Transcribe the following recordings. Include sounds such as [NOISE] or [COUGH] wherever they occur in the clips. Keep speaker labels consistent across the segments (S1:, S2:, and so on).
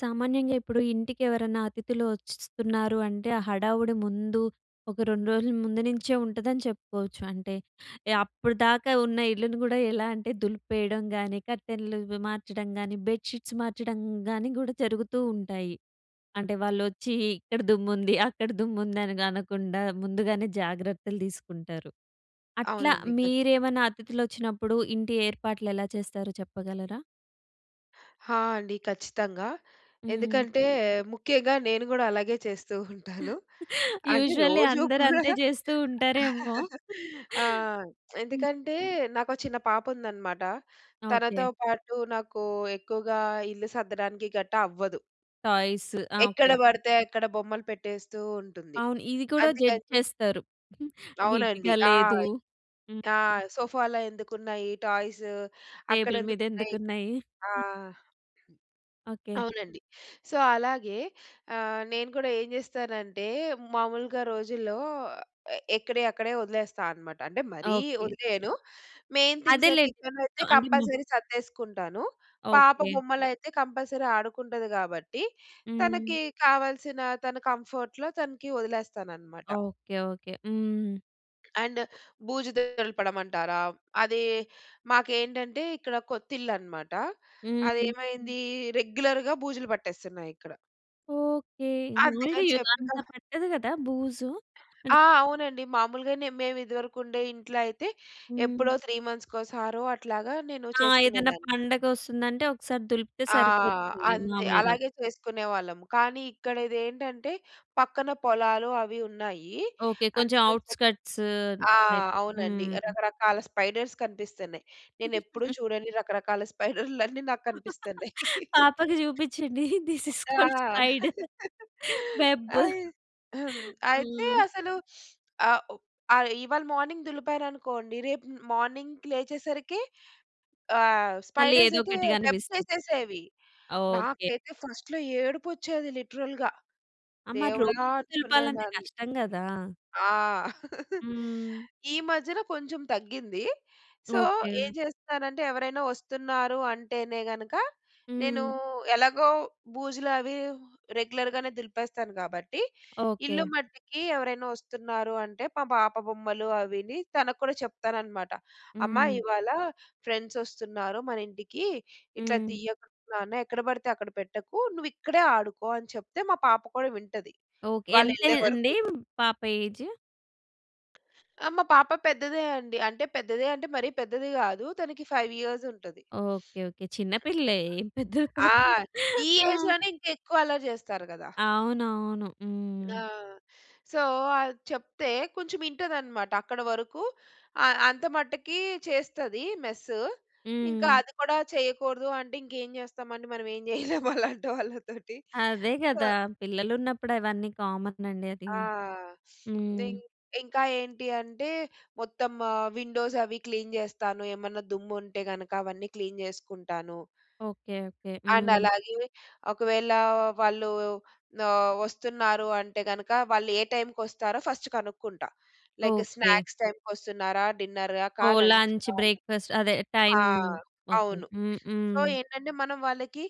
S1: సామాన్యంగా ఇప్పుడు ఇంటికి ఎవరన్నా అతిథులు వచ్ వస్తున్నారు అంటే ఆ హడావుడి ముందు ఒక 2 రోజుల ముందు నుంచే ఉంటదని చెప్పుకోవచ్చు. అంటే, అప్పటిదాకా ఉన్న ఇల్లుని గూడా ఎలా అంటే దులిపేయడం గానీ కర్టెన్‌లు ఇవి మార్చడం గానీ బెడ్ షీట్స్ మార్చడం గానీ గూడా జరుగుతూ ఉంటాయి. అంటే వాళ్ళొచ్చి ఇక్కడ దుమ్ముంది [GIGGLES] అక్కడ దుమ్ముంది అని గా అనకుండా. ముందుగానే జాగ్రత్తలు తీసుకుంటారు. అట్లా
S2: అవునండి. క
S1: మీరేమన్నా అతిథులు వచ్చినప్పుడు ఇంటి ఏర్పాట్లు ఎలా చేస్తారో చెప్పగలరా?
S2: హా! అండి. ఖచ్చితంగా
S1: హ్మ్.
S2: ఎందుకంటే ముఖ్యంగా నేను గూడా అలాగే చేస్తూ [CHUCKLES] ఉంటాను. అది
S1: యూషువల్లీ
S2: రోజూ
S1: అందరు
S2: కూడా.
S1: అంతే చేస్తూ ఉంటారేమో.
S2: [CHUCKLES] ఆ!
S1: హ్మ్.
S2: ఎందుకంటే నాకో చిన్న పాప ఉందనమాట.
S1: ఓకే.
S2: తనతో పాటు నాకూ ఎక్కువగా ఇల్లు సద్దడానికి గట్టా అవ్వదు.
S1: టాయ్స్ ఆ!
S2: ఎక్కడ
S1: ఓకే.
S2: బడితే అక్కడ బొమ్మలు పెట్టేస్తూ ఉంటుంది.
S1: అవును. ఇది కూడా
S2: అందుకని
S1: జడ్జ్
S2: చె
S1: చేస్తారు. [GIGGLES]
S2: అవునండి.
S1: నీట్‌గా
S2: ఆ!
S1: లేదు. హ్మ్.
S2: ఆ! సోఫాలో ఎందుకున్నాయి టాయ్స్? అక్కడ
S1: టేబుల్ మీద
S2: ఎందుకున్నాయి? ఇక్కడ
S1: ఎందుకున్నాయి?
S2: ఎందు
S1: [CHUCKLES]
S2: ఆ!
S1: ఓకే.
S2: అవునండి. సో, అలాగే అహ్, నేను గూడా ఏం చేస్తానంటే మామూలుగా రోజుల్లో ఎక్కడియక్కడే వదిలేస్తా అనమాట. అంటే మరీ
S1: ఓకే.
S2: వదిలేయను మెయిన్ థింగ్స్
S1: అదేలేండి.
S2: కిచన్‌లో అయితే
S1: చ్ అంటే మొ
S2: కంపల్సరీ సర్దేసుకుంటాను. పాప
S1: ఓకే.
S2: బొమ్మలయితే, కంపల్సరీ ఆడుకుంటది గాబట్టి,
S1: హ్మ్.
S2: తనకి కావాల్సిన తన కంఫర్ట్‌లో తనకి వదిలేస్తాననమాట.
S1: ఓకే. ఓకే. హ్మ్.
S2: అండ్ బూజు దులపడమంటారా! అది మాకేంటంటే ఇక్కడ కొత్తిల్లు అన్నమాట అది
S1: హ్మ్.
S2: ఏమైంది రెగ్యులర్‌గా బూజులు పట్టేస్తున్నాయి ఇక్కడ.
S1: ఓకే. మాములుగా
S2: అందుకని
S1: యుగ అంత
S2: చెప్పి‌నా
S1: పట్టదు కదా బూజు? అంటే
S2: ఆ! అవునండి మాములుగానే మేము ఇదివరకు ఉండే ఇంట్లో అయితే
S1: హ్మ్.
S2: ఎప్పుడో 3 అట్లాగా నేను
S1: ఆ! ఏదైనా
S2: చేసుకునేదాన్ని.
S1: పండగ వస్తుందంటే ఒకసారి దులిపితే
S2: ఆ!
S1: సరిపోతుంది
S2: అంతే
S1: మామూలుగా.
S2: అలాగే చేసుకునేవాళ్ళం. కానీ ఇక్కడ ఇదేంటంటే పక్కన పొలాలు అవి ఉన్నాయి.
S1: ఓకే. కొంచెం
S2: అందుకని జెప్పి
S1: ఔట్‌స్కట్స్
S2: ఆ!
S1: టైప్
S2: అవునండి
S1: హ్మ్.
S2: రకరకాల స్పైడర్స్ కనిపిస్తున్నాయి. నేనెప్పుడూ
S1: [LAUGHS]
S2: చూడని రకరకాల స్పైడర్‌లన్నీ నాకు కనిపిస్తున్నాయి.
S1: పాపకి చూపించండి దిస్ ఈస్
S2: ఆ!
S1: కాల్డ్ స్పై‌డర్
S2: [LAUGHS]
S1: వెబ్
S2: అయి అయితే
S1: హ్మ్.
S2: అసలు ఆహ్, ఆహ్, ఇవాళ మార్నింగ్ దులిపాననుకోండి రేపు మ్ మార్నింగ్‌కి లేచేసరికి ఆహ్,
S1: మళ్ళీ
S2: స్పైడర్స్
S1: ఏదో
S2: అయితే
S1: ఒకటి
S2: వెబ్స్
S1: గనిపిస్తది.
S2: యేసేసేవి.
S1: ఓకే.
S2: నాకైతే ఫస్ట్‌లో ఏడుపు వచ్చేది లిటరల్‌గా.
S1: అ! మరి
S2: దేవుడా
S1: రోజూ దులపాలంటే
S2: అనుకునేదాన్ని.
S1: కష్టం గదా!
S2: ఆ! [LAUGHS]
S1: హ్మ్.
S2: ఈ మధ్యన కొంచెం తగ్గింది. So
S1: okay.
S2: ఏం చేస్తున్నానంటే ఎవరైనా వస్తున్నారు అంటేనే గనుక నేను
S1: హ్మ్.
S2: ఎలాగో బూజులు అవి రెగ్యులర్‌గనే దులిపేస్తాను కాబట్టి ఇల్లు
S1: ఓకే.
S2: మట్టికి ఎవరైనా వస్తున్నారు అంటే పమా పాప బొమ్మలు అవిని తనకు కూడా చెప్తానన్నమాట. అమ్మా
S1: హ్మ్.
S2: ఇవాళ ఫ్రెండ్స్ వస్తున్నారు మన ఇంటికి. ఇట్లా
S1: హ్మ్.
S2: తీయకు నాన్న ఎక్కడ పడితే అక్కడ పెట్టకు. నువ్వు ఇక్కడే ఆడుకో అని చెప్తే మా పాప కూడా వింటది
S1: ఓకే.
S2: వాళ్ళెళ్ళే
S1: ఎంతేజ్ అండి
S2: వరకు.
S1: పాప ఏజ్?
S2: ఆ! మా పాప పెద్దదే అండి. అంటే పెద్దదే అంటే మరీ పెద్దది గాదు. తనకి 5 ఇయర్స్ ఉంటది.
S1: ఓకే. ఓకే. చిన్నపిల్లే
S2: [SNIFFS]
S1: ఏం పెద్దది
S2: ఆ!
S1: పాపం. [CHUCKLES]
S2: ఈ
S1: ఆ!
S2: ఏజ్‌లోనే ఇంకా ఎక్కువ అల్లరి చేస్తారు కదా!
S1: అవునవును.
S2: ఆ!
S1: హ్మ్.
S2: ,సో అది చెప్తే కొంచెం ఇంటదనమాట. అక్కడ వరుకూ ఆహ్, అంత మటుకీ చేస్తదీ మెస్సు. ఇంక
S1: హ్మ్.
S2: అది కూడా చెయ్యకూడదు అంటే ఇంకేం చేస్తామండి? మనం ఏం చెయ్యలేం అలాంటోళ్ళతోటి.
S1: అదే
S2: ప
S1: కదా! పిల్లలున్నప్పుడు అవన్నీ కామన్ అండి అదీ
S2: ఆ! [SNIFFS]
S1: హ్మ్.
S2: నింగ్ ఇంకా ఏంటి అంటే మొత్తం ఆహ్, విండోస్ అవీ క్లీన్ చేస్తాను. ఏమన్నా దుమ్ము ఉంటే గనక అవన్నీ క్లీన్ చేసుకుంటాను.
S1: ఓకే. ఓకే.
S2: అండ్
S1: హ్మ్.
S2: అలాగే ఒకవేళా వాళ్ళూ ఆహ్, వస్తున్నారు అంటే గనక వాళ్ళు ఏ టైమ్‌కొస్తారో ఫస్ట్ కనుక్కుంటా. Like
S1: okay.
S2: స్నాక్స్ టైమ్‌కొస్తున్నారా, డిన్నర్‌కా,
S1: ఓహ్! లంచ్,
S2: లంచ్‌కా అని
S1: బ్రేక్‌ఫాస్ట్ అదే
S2: ఆ!
S1: టైమ్. ఓకే.
S2: అవును.
S1: హ్మ్.
S2: సో,
S1: హ్మ్.
S2: ఏంటంటే మనం వాళ్ళకి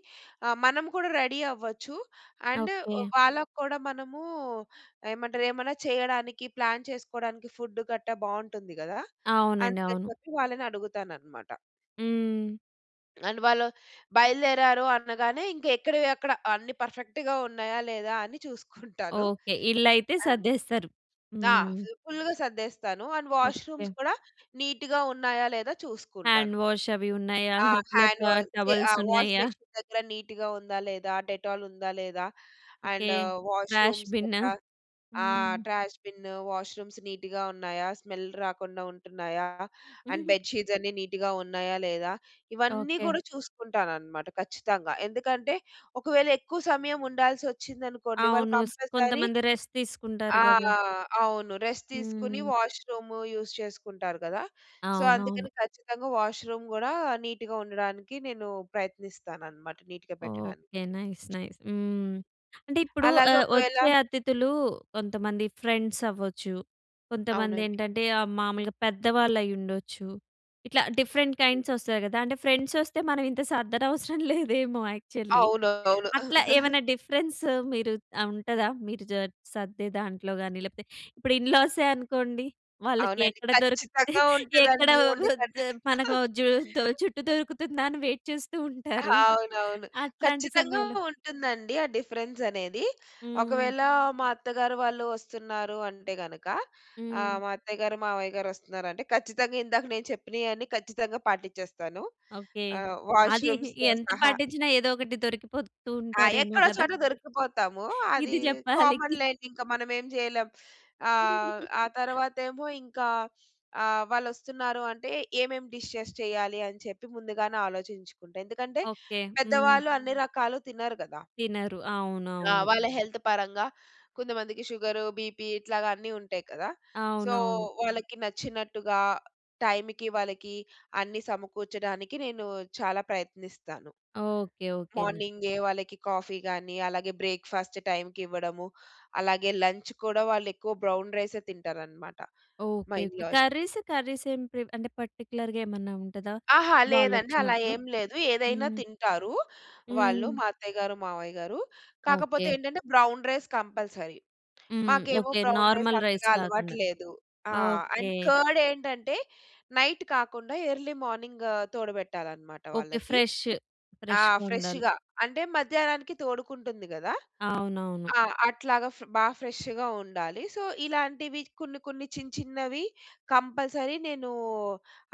S2: ఆహ్, మనం కూడా రెడీ అవ్వచ్చు. And
S1: okay.
S2: వ్ వాళ్ళకు కూడా మనమూ, ఏమంటరు ఏమన్నా చెయ్యడానికి ప్లాన్ చేసుకోడానికి ఫుడ్ గట్టా బావుంటుంది గదా!
S1: అవునండి.
S2: అందుకని
S1: అవును.
S2: చెప్పి వాళ్ళని అడుగుతాననమాట.
S1: హ్మ్.
S2: అండ్ వాళ్ళు, బయలుదేరారు. అనగానే ఇంక ఎక్కడవి, అక్కడ అన్ని పర్ఫెక్ట్‌గా ఉన్నాయా? లేదా? అని చూసుకుంటాను.
S1: ఓకే. ఇళ్ళైతే
S2: ఆ!
S1: సర్దేస్తారు.
S2: ఆ!
S1: హ్మ్.
S2: జుప్ ఫుల్‌గా సర్దేస్తాను. And
S1: okay.
S2: వాష్‌రూమ్స్ కూడా నీట్‌గా ఉన్నాయా? లేదా? చూసుకుంటాను.
S1: హ్యాండ్ వాష్ అవి ఉన్నాయా?
S2: ఆ!
S1: లోపల ట
S2: హ్యాండ్ వాసే ఆ!
S1: టవల్స్
S2: వాష్
S1: ఉన్నాయా?
S2: బషీన్ దగ్గర నీట్‌గా ఉందా? లేదా? డెటాల్ ఉందా లేదా?
S1: Okay.
S2: And
S1: trash
S2: washrooms
S1: bin
S2: దేక్క ఆహ్,
S1: హ్మ్.
S2: ట్రాష్ బిను, వాష్‌రూమ్స్ నీట్‌గా ఉన్నాయా? స్మెల్ రాకుండా ఉంటున్నాయా? అండ్
S1: [CHUCKLES]
S2: బెడ్ షీట్స్ అన్నీ నీట్‌గా ఉన్నాయా? లేదా? ఇవన్నీ
S1: ఓకే.
S2: గూడా చూసుకుంటాననమాట ఖచ్చితంగా. ఎందుకంటే ఒకవేళ ఎక్కువ సమయం ఉండాల్సి వచ్చిందనుకోండి. వాళ్ళు
S1: అవును. స్
S2: కంపల్సరీ
S1: కొంతమంది రెస్ట్ తీసుకుంటారు
S2: ఆ!
S1: గదా!
S2: అవును. రెస్ట్ తీసుకొని
S1: హ్మ్.
S2: వాష్‌రూమ్ యూజ్ చేసుకుంటారు గదా! సో,
S1: అవునవును.
S2: అందుకని ఖచ్చితంగా వాష్‌రూమ్ గూడా నీట్‌గా ఉండడానికి, నేను ప్రయత్నిస్తాను అన్నమాట. నీట్‌గా పెట్టడానికి.
S1: ఓకే. నైస్, నైస్ హ్మ్. అంటే ఇప్పుడు
S2: అలాగే
S1: ఆహ్,
S2: ఒకవేళ
S1: వచ్చే
S2: హ్మ్.
S1: అతిథులు కొంతమంది ఫ్రెండ్స్ అవ్వచ్చు, కొంతమంది
S2: అవునండి.
S1: ఏంటంటే ఆహ్, మాములుగా పెద్దవాళ్ళు అయ్యి ఉండొచ్చు. ఇట్లా డిఫరెంట్ కైండ్స్ వస్తాయి గదా! అంటే ఫ్రెండ్స్ వస్తే మనం ఇంత సర్దనవసరం లేదేమో యాక్చువల్లీ.
S2: అవును. అవును.
S1: అట్లా
S2: [CHUCKLES]
S1: ఏవన్నా డిఫరెన్స్ మీరు ఆ! ఉంటదా? మీరు జర్ సర్దే దాంట్లో గాని లేకపోతే ఇప్పుడు ఇన్‌లాసే అనుకోండి. వాళ్ళకి
S2: అవునండి.
S1: ఎక్కడ దొరికితే
S2: ఖచ్చితంగా
S1: ఎక్కడ
S2: ఉంటదండి. ఉండకన్నా
S1: [UNINTELLIGIBLE] మనకో
S2: [LAUGHS]
S1: జు దో జుట్టు దొరుకుతుందా అని వెయిట్ చేస్తూ ఉంటారు.
S2: అవునవును.
S1: అట్లాంటి
S2: ఖచ్చితంగా
S1: సమయంలో
S2: ఉంటుందండి. ఆ డిఫరెన్స్ అనేది.
S1: హ్మ్.
S2: ఒకవేళ మా అత్తగారు వాళ్ళు వస్తున్నారు. అంటే గనుక ఆహ్,
S1: హ్మ్.
S2: మా అత్తయ్యగారు మావయ్య గారు వస్తున్నారంటే ఖచ్చితంగా ఇందాక నేను చెప్పినయన్నీ ఖచ్చితంగా పాటిచ్చేస్తాను.
S1: ఓకే.
S2: ఆహ్,
S1: అది
S2: వాష్‌రూమ్స్‌తో
S1: ఎంత
S2: సహా.
S1: పాటిచ్చినా, ఏదో ఒకటి దొరికిపోతూ
S2: ఆ!
S1: ఉంటారేమో
S2: ఎక్కడో
S1: గదా!
S2: చోట దొరికిపోతాము, అది
S1: ఇది జెప్పాలి.
S2: కామన్
S1: నిక్
S2: లేండి. ఇంక మనమేం చేయలేం. ఆహ్, ఆ
S1: [GIGGLES]
S2: తరువాతేమో ఇంక ఆహ్, వాళ్ళోస్తున్నారు అంటే ఏమేం డిషెస్ చెయ్యాలి. అని చెప్పి ముందుగానే ఆలోచించుకుంటా. ఎందుకంటే
S1: ఓకే. హ్మ్.
S2: పెద్దవాళ్ళు అన్ని రకాలు తినరు గదా!
S1: తినరు.
S2: ఆ!
S1: అవునవును.
S2: వాళ్ళ హెల్త్ పరంగా కొంతమందికి షుగరు, బీపీ ఇట్లాగా అన్నీ ఉంటాయి కదా! సో,
S1: అవునవును.
S2: వాళ్ళకి నచ్చినట్టుగా టైంకి వాళ్ళకి అన్ని సమకూర్చడానికి నేను చాలా ప్రయత్నిస్తాను.
S1: ఓకే. ఓకేన.
S2: మార్నింగే వాళ్ళకి కాఫీ గాని, అలాగే బ్రేక్‌ఫాస్ట్ టైంకి ఇవ్వడము. అలాగే లంచ్ కూడా వాళ్ళు ఎక్కువ బ్రౌన్ రైసే తింటారనమాట మా
S1: okay. Okay.
S2: In-laws‌.
S1: Curries, curries ఏం ప్రి అంటే పర్టిక్యులర్‌గా ఏమన్నా ఉంటదా
S2: ఆహా! లేదండి. అలా
S1: వాళ్ళొచ్చినప్పుడు?
S2: ఏం లేదు. ఏదైనా
S1: హ్మ్.
S2: తింటారు. వాళ్ళు
S1: హ్మ్.
S2: మా అత్తయ్య గారు-మావయ్య గారు, కాకపోతే
S1: ఓకే.
S2: ఏంటంటే బ్రౌన్ రైస్ కంపల్సరీ.
S1: హ్మ్.
S2: మాకేమో
S1: okay.
S2: Brown rice
S1: normal rice
S2: అంతగా అలవాటు
S1: కాకుండా,
S2: లేదు. ఆ!
S1: ఓకే.
S2: అండ్ కార్డ్ ఏంటంటే నైట్ కాకుండా ఎర్లీ మార్నింగ్ తోడబెట్టాలి అన్నమాట
S1: ఓకే.
S2: వాళ్ళకి.
S1: ఫ్రెష్,
S2: ఆ!
S1: ఫ్రెష్‌గా ఉండాలి.
S2: ఫ్రెష్‌గా అంటే మధ్యాహ్నానికి తోడుకుంటుంది గదా!
S1: అవునవును.
S2: ఆ! అట్లాగా ఫ బా ఫ్రెష్‌గా ఉండాలి. సో, ఇలాంటివి కొన్ని, కొన్ని చిన్న, చిన్నవి కంపల్సరీ నేను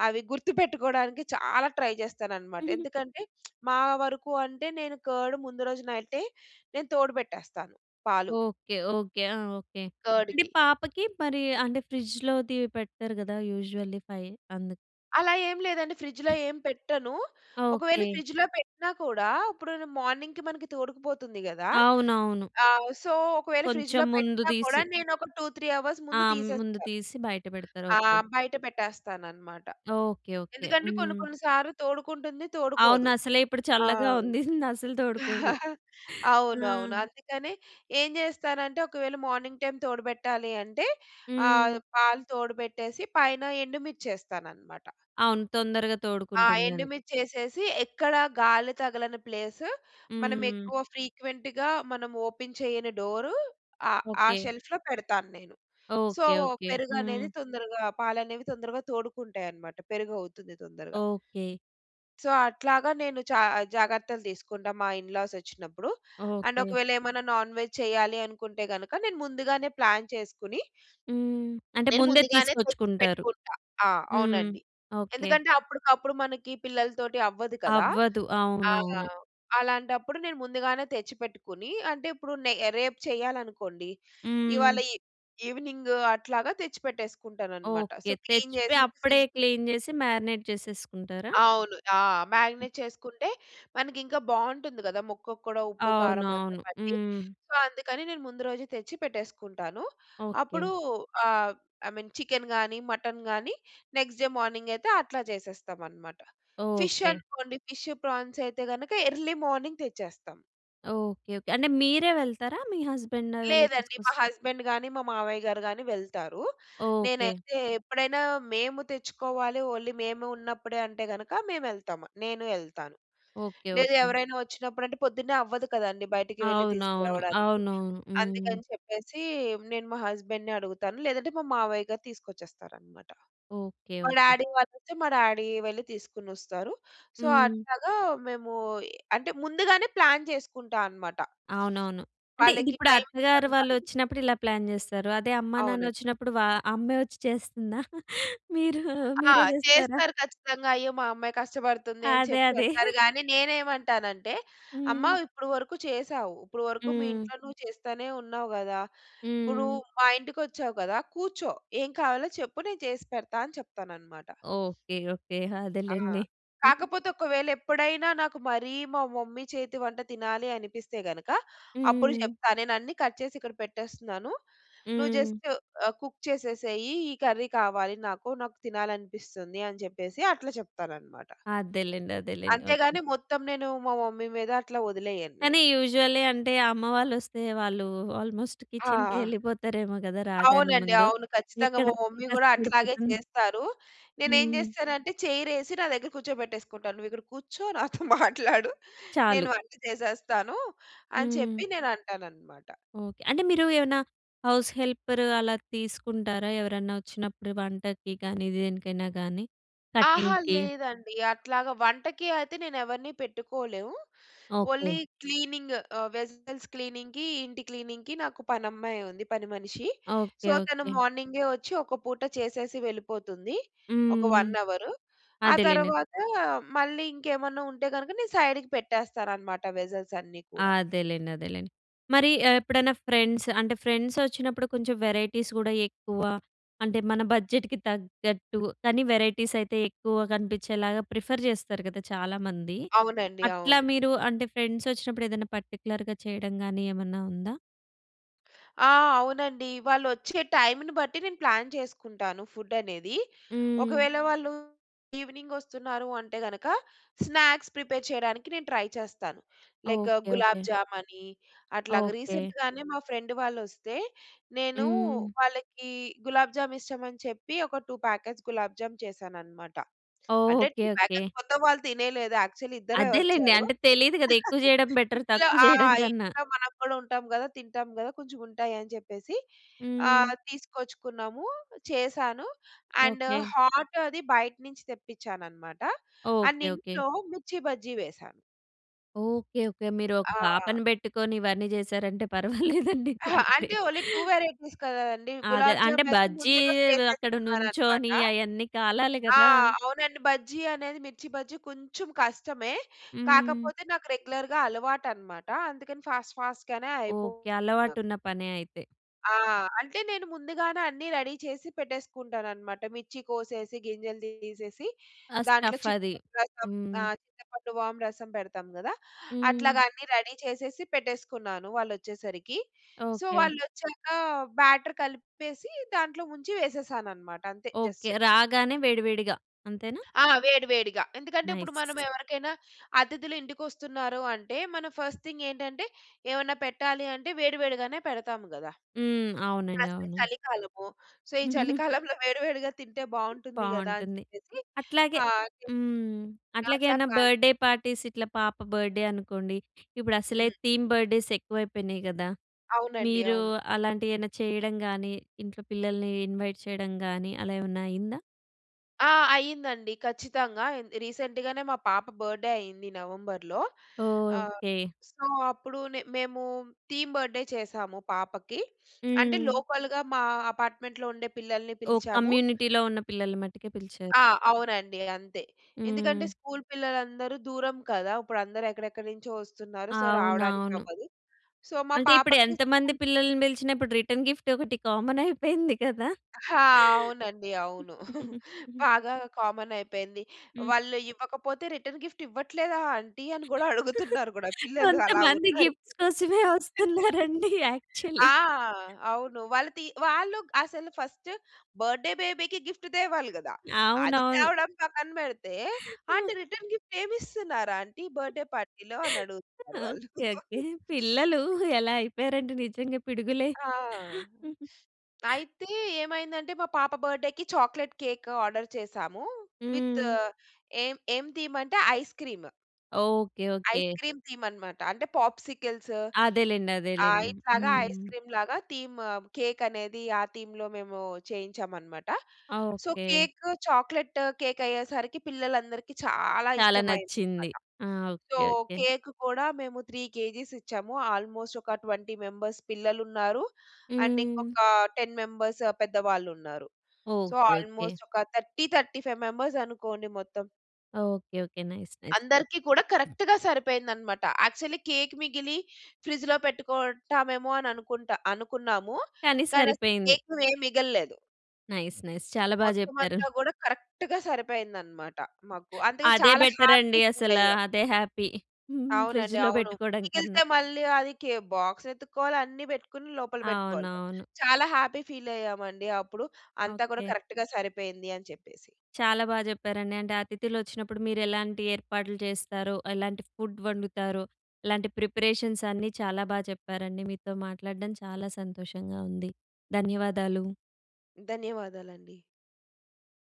S2: అవి గుర్తుపెట్టుకోడానికి చాలా ట్రై చేస్తానన్నమాట.
S1: [CHUCKLES]
S2: ఎందుకంటే [SMACKS LIPS] మా వరకు అంటే నేను కార్డ్ ముందు రోజు నైటే నేను తోడు పెట్టేస్తాను పాలు.
S1: ఓకే. ఓకే. ఆ! ఓకే. అంటే
S2: కార్డ్‌కి.
S1: పాపకి మరి అంటే ఫ్రిడ్జ్‌లోది పెట్టరు గదా! యూజువల్లీ 5 అందుకు.
S2: అలా ఏం లేదండి ఫ్రిడ్జ్‌లో ఏం పెట్టను. ఒకవేళ
S1: ఓకే.
S2: ఫ్రిడ్జ్‌లో పెట్టినా కూడా ఇప్పుడు‌ను మార్నింగ్‌కి మనకి తోడుకుపోతుంది కదా!
S1: అవునవును.
S2: ఆహ్, సో, ఒకవేళ
S1: కొంచెం
S2: ఫ్రిడ్జ్‌లో
S1: ముందు
S2: పెట్టినా కూడా
S1: తీసి.
S2: నేను ఒక 2, 3 అవర్స్
S1: ఆ!
S2: ముందు
S1: ముందు
S2: తీసేస్తాను.
S1: తీసి బయట పెడతారు
S2: ఆ!
S1: ఓకే.
S2: బయట పెట్టేస్తానన్నమాట.
S1: ఓకే. ఓకే.
S2: ఎందుకంటే కొన్ని
S1: హ్మ్.
S2: కొన్ని సార్లు తోడుకుంటుంది
S1: అవును
S2: తోడుకోదు.
S1: అసలే ఇప్పుడు
S2: ఆ!
S1: చల్లగా ఉంది [CHUCKLES] అసలు తోడుకోదు.
S2: [CHUCKLES]
S1: ఆ!
S2: అవునవును. అందుకనే ఏం చేస్తానంటే ఒకవేళ మార్నింగ్ టైమ్ తోడుబెట్టాలి అంటే ఆహ్,
S1: హ్మ్.
S2: పాలు తోడుబెట్టేసి పైన ఎండుమిర్చేస్తాననమాట.
S1: అవును తొందరగా
S2: ఆ!
S1: తోడుకుంటుందని.
S2: ఎండుమిర్చి వేసేసి ఎక్కడ గాలి తగలని ప్లేస్, మనం
S1: హ్మ్.
S2: ఎక్కువ ఫ్రీక్వెంట్‌గా మనం ఓపెన్ చేయని డోర్ ఆహ్, ఆ
S1: ఓకే.
S2: షెల్ఫ్‌లో పెడతాను నేను. So,
S1: okay. ఓకే.
S2: పెరుగు అనేది
S1: హ్మ్.
S2: తొందరగా, పాలనేవి తొందరగా తోడుకుంటాయి అన్నమాట పెరుగవుతుంది తొందరగా.
S1: ఓకే.
S2: సో, అట్లాగా నేను చ జాగ్రత్తలు తీసుకుంటా మా ఇన్‌లాస్ వచ్చినప్పుడు. And
S1: okay.
S2: ఒకవేళ ఏమైనా నాన్ వెజ్ చేయాలి అనుకుంటే గనుక నేను ముందుగానే ప్లాన్ చేసుకొని
S1: హ్మ్. అంటే
S2: నేను
S1: ముందే
S2: ముందుగానే తెచ్చి
S1: తీసుకొచ్చుకుంటారు.
S2: పెట్టుకుంటా. ఆ!
S1: హ్మ్.
S2: అవునండి.
S1: ఓకే.
S2: ఎందుకంటే అప్పటికప్పుడు మనకి పిల్లలతోటి అవ్వదు కదా!
S1: అవ్వదు.
S2: ఆ!
S1: అవునవును.
S2: అలాంటప్పుడు నేను ముందుగానే తెచ్చిపెట్టుకుని అంటే ఇప్పుడు నే రేపు చెయ్యాలనుకోండి ఇవాళ
S1: హ్మ్.
S2: ఇ ఈవెనింగ్ అట్లాగా తెచ్చిపెట్టేసుకుంటాను అన్నమాట.
S1: ఓకే.
S2: సో, క్లీన్
S1: తెచ్చిపోయి
S2: చేసేసి
S1: అప్పుడే
S2: ఫ్రిడ్జ్
S1: క్లీన్ చేసి మారినేట్ చేసేసుకుంటారా?
S2: అవును. ఆ! మాగ్నేట్ చేసుకుంటే మనకి ఇంకా బాగుంటుంది కదా! ముక్కకు కూడా ఉప్పు కారం అంతా
S1: అవునవును.
S2: పట్టి
S1: హ్మ్.
S2: సో, అందుకని నేను ముందు రోజు తెచ్చి పెట్టేసుకుంటాను.
S1: ఓకే.
S2: అప్పుడు ఆహ్, ఐమీన్ చికెన్ కానీ, మటన్ గాని నెక్స్ట్ డే మార్నింగ్ అయితే అట్లా చేసేస్తాం అన్నమాట. Fish
S1: okay.
S2: అనుకోండి ఫిష్, ప్రాన్స్ అయితే గనుక ఎర్లీ మార్నింగ్ తెచ్చేస్తాం.
S1: ఓకే. ఓకే. అంటే, మీరే వెళ్తారా? మీ హస్బండ్ వెళ్ళి
S2: లేదండి.
S1: తీసుకొస్
S2: మా హస్బండ్ గానీ, మా మామయ్య గారు గానీ వెళ్తారు.
S1: ఓకే.
S2: నేనైతే ఎప్పుడైనా మేము తెచ్చుకోవాలి, ఓన్లీ మేము ఉన్నప్పుడే అంటే గనక మేవెళ్తామ. నేను యెళ్తాను.
S1: ఓకే.
S2: లేదా,
S1: ఓకే.
S2: ఎవరైనా ఒచ్చినప్పుడంటే, పొద్దున్నే అవ్వదు కదండీ బయటకి వెళ్లి
S1: అవునవును.
S2: తీసుకురావడానికి.
S1: అవునవును. హ్మ్.
S2: అందుకని చెప్పేసీ నేను మా హస్బండ్‌ని అడుగుతాను. లేదంటే, మా మావయ్య గారు తీసుకొచ్చేస్తారనమాట.
S1: ఓకే.
S2: మా
S1: ఓకే.
S2: డాడీ వాళ్ళయితే, మా డాడీయే వెళ్లి తీసుకునొస్తారు. సో,
S1: హ్మ్.
S2: అట్లాగా మేమూ ఎ అంటే, ముందుగానే ప్లాన్ చేసుకుంటా అనమాట.
S1: అవునవును. అంటే,
S2: [SMACKS LIPS] వాళ్ళకి
S1: ఇదిప్పుడు అత్తగారు
S2: టైమ్‌కందాలి.
S1: వాళ్ళొచ్చినప్పుడిలా ప్లాన్ చేస్తారు. అదే అమ్మా,
S2: అవునన్
S1: నాన్నొచ్చినప్పుడు, వా అమ్మే ఒచ్చి చేస్తందా? మీరు
S2: ఆ!
S1: మీరే చేస్తారా?
S2: చేస్తారు ఖచ్చితంగా. అయ్యో! మా అమ్మాయి కష్టపడుతుంది అని
S1: అదే.
S2: చెప్పి
S1: అదే.
S2: అంటారు
S1: [CHUCKLES]
S2: గానీ, నేనేమంటానంటే, అమ్మ
S1: హ్మ్.
S2: ఇప్పుడు వరుకు చేశావు. ఇప్పుడు వరుకు మీ
S1: హ్మ్.
S2: ఇంట్లో నువ్వు చేస్తానే ఉన్నావు గదా! ఇప్పుడూ
S1: హ్మ్.
S2: మా ఇంటికొచ్చావు గదా! కూర్చో. ఏం కావాలో చెప్పు నేను చేసి పెడతా అని చెప్తాననమాట.
S1: ఓకే. ఓకే.
S2: ఆ!
S1: అదేలెండి. [GIGGLES]
S2: కాకపోతే ఒకవేళ ఎప్పుడైనా నాకు మరీ మా మమ్మీ చేతి వంట తినాలి అనిపిస్తే గనక, అప్పుడు
S1: హ్మ్.
S2: చెప్తా. నేనన్నీ కట్ చేసిక్కడ పెట్టేస్తున్నాను. నువ్వు
S1: హ్మ్.
S2: జస్ట్ ఆహ్, కుక్ చేసేసేయీ. ఈ కర్రీ కావాలి నాకు. నాకు తినాలనిపిస్తుంది అని చెప్పేసి అట్లా చెప్తాననమాట.
S1: అదేలెండి. అదే‌లేండి.
S2: అంతే గానీ,
S1: ఓకే.
S2: మొత్తం నేను మా మమ్మీ మీద అట్లా వదిలేయను నేను.
S1: కానీ, యూజువల్లీ అంటే, అమ్మ వాళ్ళొస్తే, వాళ్ళూ ఆల్‌మోస్ట్
S2: ఆ!
S1: కిచెన్‌కేళ్ళిపోతారేమో గదా రాగానే
S2: అవునండి.
S1: ముందు.
S2: అవును. ఖచ్చితంగా మా
S1: ఎక్కడమ్మాయి
S2: మమ్మీ గూడా అట్లాగే
S1: కష్టపడిపోతుందో.
S2: చేస్తారు. నేనేం
S1: హ్మ్.
S2: చేస్తానంటే, చెయిర్ఎసి నా దగ్గర కూర్చోబెట్టేసుకుంటాను. నువ్వు ఇక్కడ కూర్చో. నాతో మాట్లాడు. నేను
S1: చాలు.
S2: వంట చేసేస్తానూ అని
S1: హ్మ్.
S2: చెప్పి నేనంటాననమాట.
S1: ఓకే. అంటే, మీరు ఏవన్నా హౌస్ హెల్పర్ అలా తీసుకుంటారా ఎవరన్నా వచ్చినప్పుడు వంటకి కానీ, దేనికైనా గానీ,
S2: ఆహా!
S1: కటింగ్‌కి?
S2: లేదండి. అట్లాగా వంటకి అయితే నేనెవరిని పెట్టుకోలేం. ఓల్లీ
S1: ఓకే.
S2: క్లీనింగ్. ఆహ్, వెస్సెల్స్ క్లీనింగ్‌కి, ఇంటి క్లీనింగ్‌కి నాకు పనమ్మాయుంది, పని మనిషి.
S1: ఓకే.
S2: సో, తను
S1: ఓకే.
S2: మార్నింగే ఒచ్చి, ఒక పూట చేసేసి వెళ్ళిపోతుంది. ఒక
S1: హ్మ్.
S2: 1 అవరు. ఆ
S1: అదేలేండి.
S2: తరవాత మళ్ళీ ఇంకేమన్నా ఉంటే గనక, నేను సైడ్‌కి పెట్టేస్తాననమాట వెసెల్సన్నీ కూడా.
S1: అదేలెండి. అదేలెండి. మరి ఎ ఎప్పుడన్నా ఫ్రెండ్స్ అంటే, ఫ్రెండ్సొచ్చినప్పుడు కొంచం వెరైటీస్ గూడా ఎక్కువా అంటే, మన బడ్జెట్‌కి తగ్గట్టు, కానీ వెరైటీసయితే ఎక్కువ కనిపిచ్చేలాగా ప్రిఫర్ చేస్తారు గదా చాలామంది.
S2: అవునండి.
S1: అట్లా
S2: అవును.
S1: మీరు అంటే, ఫ్రెండ్సొచ్చినప్పుడు ఏదన్నా పర్టిక్యులర్‌గా చెయ్యడం గానీ, ఏమన్నా ఉందా?
S2: ఆ! అవునండి. వాళ్ళొచ్చే టైముని బట్టి నేను ప్లాన్ చేసుకుంటాను ఫుడ్డనేది.
S1: హ్మ్.
S2: ఒకవేళ వాళ్ళు ఈవినింగొస్తున్నారు అంటే గనక, స్నాక్స్ ప్రిపేర్ చెయడానికి నేను ట్రై చేస్తాను. Like
S1: okay.
S2: 'Gulab
S1: okay.
S2: Jamun' అట్లాగా.
S1: ఓకే.
S2: రీసెంట్‌గానే మా ఫ్రెండ్ వాళ్ళొస్తే, నేనూ
S1: హ్మ్.
S2: వాళ్ళకీ గులాబ్ జామిష్టమని చెప్పి, ఒక 2 ప్యాకెట్స్ 'గులాబ్ జామ్' చేశాననమాట.
S1: ఓహ్!
S2: అంటే,
S1: ఓకే.
S2: 2
S1: ఓకే.
S2: ప్యాకెట్స్ మొత్తం వాళ్ళు తినేయలేదు. యాక్చుల్లీ ఇద్దరే
S1: అదేలెండి.
S2: ఒచ్చారు.
S1: అంటే తెలీదు గదా! ఎక్కువ
S2: [CHUCKLES]
S1: జెయడం బెటర్
S2: ఇంట్లో
S1: తక్కువు
S2: ఆ!
S1: జెయడం కన్నా.
S2: ఇంట్లో మనం గూడా ఉంటాం గదా! తింటాం గదా! కొంచెముంటాయని జెప్పేసి
S1: హ్మ్.
S2: ఆహ్, తీసుకొచ్చుకున్నాము. చేశాను. And
S1: okay.
S2: హాట్ అది బయట నించి తెప్పిచ్చాననమాట. And
S1: okay. ఓకే.
S2: ఇంట్లో 'మిర్చి బజ్జీ' వేశా.
S1: ఓకే. ఓకే. మీరు ఒక
S2: ఆ!
S1: పాపను పెట్టుకొని ఇవన్నీ చేశారంటే పర్వాలేదండి.
S2: అహ!
S1: చాలా
S2: అంటే,
S1: గ్రేట్.
S2: ఓన్లీ 2 వేరైటీస్ కదండీ.
S1: అదే.
S2: గులాబ్
S1: అంటే,
S2: జామయితే
S1: 'బజ్జీ'
S2: ముందు రోజు
S1: వ్ అక్కడ
S2: చేసేసుకున్నారనమాట.
S1: నుంచోనీ అయన్నీ కాలాలి
S2: ఆ!
S1: గదా!
S2: అవునండి. బజ్జీ అనేది 'మిర్చి బజ్జీ' కొంచుం కష్టమే.
S1: హ్మ్.
S2: కాకపోతే, నాకు రెగ్యులర్‌గా అలవాటనమాట. అందుకని ఫాస్ట్, ఫాస్ట్‌గానే అయిపో
S1: ఓకే.
S2: ద
S1: అలవాటున్న పనే అయితే.
S2: ఆ! అంటే నేను ముందుగానే అన్నీ రెడీ చేసి పెట్టేసుకుంటానన్నమాట. మిర్చి కోసేసి గింజలు తీసేసి
S1: ఆ
S2: దాంట్లో
S1: స్టఫ్ అది.
S2: చింతపండు రసం.
S1: హ్మ్.
S2: చింతపండు వాం రసం పెడతాం కదా!
S1: హ్మ్.
S2: అట్లాగా అన్నీ రెడీ చేసేసి పెట్టేసుకున్నాను వాళ్ళోచ్చేసరికి. So
S1: okay.
S2: వాళ్ళు వచ్చాక బ్యాటర్ కలిపేసి దాంట్లో ముంచి వేసేసానన్నమాట అంతే
S1: ఓకే.
S2: జస్ట్.
S1: రాగానే వేడి వేడిగా అంతేనా?
S2: ఆ! వేడి వేడిగా. ఎందుకంటే ఇప్పుడు
S1: నైస్.
S2: మనం ఎవరికైనా అతిథులు ఇంటికి వస్తున్నారు అంటే మనం ఫస్ట్ థింగ్ ఏంటంటే ఏమన్నా పెట్టాలి అంటే వేడి వేడిగానే పెడతాము కదా!
S1: హ్మ్. అవునండి.
S2: ప్లస్
S1: అవును.
S2: చలికాలము. సో ఈ
S1: [GIGGLES]
S2: చలికాలంలో వేడి వేడిగా తింటే బాగుంటుంది కదా అని
S1: బాగుంటుంది.
S2: చెప్పేసి
S1: అట్లాగే
S2: ఆహ్, అట్లా
S1: హ్మ్. అట్లాగే
S2: అట్లా
S1: ఏమైనా
S2: ప్లాన్
S1: బర్త్‌‌డే పార్టీస్ ఇట్లా పాప బర్త్‌‌డే అనుకోండి. ఇప్పుడు అసలే
S2: హ్మ్.
S1: థీమ్ బర్త్‌‌డేస్ ఎక్కువైపోయినాయి కదా!
S2: అవునండి.
S1: మీరు
S2: అవును.
S1: అలాంటి ఏమన్నా చేయడం గాని? ఇంట్లో పిల్లల్ని ఇన్వైట్ చేయడం గాని? అలా ఏమన్నా అయిందా?
S2: ఆ! అయిందండి ఖచ్చితంగా. రీసెంట్‌గానే మా పాప బర్త్‌డే‌ అయ్యింది. నవంబర్‌లో. ఆహ్,
S1: ఓకే.
S2: సో అప్పుడు నె మేము థీమ్ బర్త్‌డే‌ చేసాము పాపకి. అంటే
S1: హ్మ్.
S2: లోకల్‌గా మా అపార్ట్మెంట్‌లో ఉండే పిల్లల్ని
S1: ఓహ్!
S2: పిలిచాము.
S1: కమ్యూనిటీలో ఉన్న పిల్లల్ని మట్టుకే పిలిచారు.
S2: ఆ! అవునండి అంతే. ఎందుకంటే
S1: హ్మ్.
S2: స్కూల్ పిల్లలందరూ దూరం కదా. ఇప్పుడు అందరూ ఎక్కడెక్కడి నుంచో వస్తున్నారు. సో రావడానికి
S1: అవునవును.
S2: అవ్వదు. సో మా
S1: అంటే ఇప్పుడు
S2: పాపకు
S1: ఎంతమంది
S2: [UNINTELLIGIBLE]
S1: పిల్లల్ని పిలిచినా ఇప్పుడు రిటర్న్ గిఫ్ట్ ఒకటి కామన్ అయిపోయింది కదా?
S2: ఆ! అవునండి. అవును. [CHUCKLES] బాగా కామన్ అయిపోయింది.
S1: హ్మ్.
S2: వాళ్ళు ఇవ్వకపోతే రిటర్న్ గిఫ్ట్ ఇవ్వట్లేదా ఆంటీ? అని కూడా అడుగుతున్నారు కూడా పిల్లలు, అలా
S1: కొంతమంది
S2: ఉన్నారు.
S1: గిఫ్ట్స్ కోసమే
S2: [LAUGHS]
S1: వస్తున్నారండి యాక్చువల్లీ.
S2: ఆ! అవును వాళ్ళు తి వాళ్ళు అసలు ఫస్ట్ బర్త్‌డే‌ బేబీకి గిఫ్ట్ తేవాలి కదా? అది
S1: అవునవును.
S2: తేవడం పక్కన పెడితే, "ఆంటీ
S1: [CHUCKLES]
S2: రిటర్న్ గిఫ్ట్ ఏమి ఇస్తున్నారు ఆంటీ బర్త్‌డే‌ పార్టీలో?" అని అడుగుతున్నారు వాళ్ళు.
S1: ఓకే. ఓకే.
S2: [LAUGHS]
S1: పిల్లలు ఎలా అయిపోయారంటే నిజంగా. పిడుగులే.
S2: ఆ! అయితే ఏమైందంటే మా పాప బర్త్‌డే‌కి చాక్లేట్ కేక్ ఆర్డర్ చేసాము. విత్
S1: హ్మ్.
S2: ఏం ఏం ధీమంటే? Ice cream.
S1: Okay, okay.
S2: Ice cream theme అన్నమాట. అంటే పాప్సికిల్స్.
S1: అదేలెండి,
S2: ఆ!
S1: అదేలెండి.
S2: ఇట్లాగా ఐస్
S1: హ్మ్.
S2: క్రీమ్‌లాగా థీమ్ కేక్ అనేది ఆ థీమ్‌‌లో మేము చేయించామన్నమాట. So,
S1: okay.
S2: Cake chocolate cake అయ్యేసరికి పిల్లలందరికి చాలా
S1: చాలా నచ్చింది.
S2: ఇష్టమయిందన్నమాట.
S1: ఆ!
S2: So
S1: okay, okay.
S2: కేక్ కూడా మేము 3 కేజీస్ ఇచ్చాము. ఆల్మోస్ట్ ఒక 20 మెంబర్స్ పిల్లలున్నారు. అండ్
S1: హ్మ్.
S2: ఇంకొక 10 మెంబర్స్ పెద్దవాళ్ళున్నారు. So
S1: okay, okay.
S2: ఆల్మోస్ట్ ఒక 30, 35 మెంబర్స్ అనుకోండి మొత్తం.
S1: Okay, okay. Nice, nice.
S2: అందరికి కూడా కరెక్ట్‌గా సరిపోయిందన్నమాట. యాక్చువల్లీ కేక్ మిగిలి ఫ్రిడ్జ్‌లో పెట్టుకుంటామేమో అని అనుకుంటా అనుకున్నాము.
S1: కానీ
S2: కానీ అసలు
S1: సరిపోయింది.
S2: కేక్ ఏం మిగలలేదు.
S1: Nice, nice. చాలా బా
S2: మొత్తం
S1: జెప్పారు.
S2: అంతా గూడా కరెక్ట్‌గా సరిపోయింది అన్నమాట మాకు. అందుకే
S1: అదే
S2: చాలా
S1: బెటర్
S2: హ్యాపీ
S1: అండి
S2: ఫీల్
S1: అసల.
S2: అయ్యాం.
S1: అదే హ్యాపీ. [GIGGLES]
S2: అవునండి,
S1: ఫ్రిడ్జ్‌లో
S2: అవును.
S1: పెట్టుకోవడంకన్నా.
S2: మిగిలితే మళ్ళీ అది కే బాక్స్ వెతుక్కోవాలి. అన్నీ పెట్టుకొని లోపల పెట్టుకోవాలి.
S1: అవునవును.
S2: చాలా హ్యాపీ ఫీల్ అయ్యామండి అప్పుడు. అంతా కూడా
S1: ఓకే.
S2: కరెక్ట్‌గా సరిపోయింది అని చెప్పేసి.
S1: చాలా బా జెప్పారండి. అంటే అతిథులు వచ్చినప్పుడు మీరు ఎలాంటి ఏర్పాట్లు జేస్తారో, ఎలాంటి ఫుడ్ వండుతారో? ఇలాంటి ప్రిపరేషన్స్ అన్నీ చాలా బా చెప్పారండి. మీతో మాట్లాడడం చాలా సంతోషంగా ఉంది. ధన్యవాదాలు.
S2: ధన్యవాదాలండి.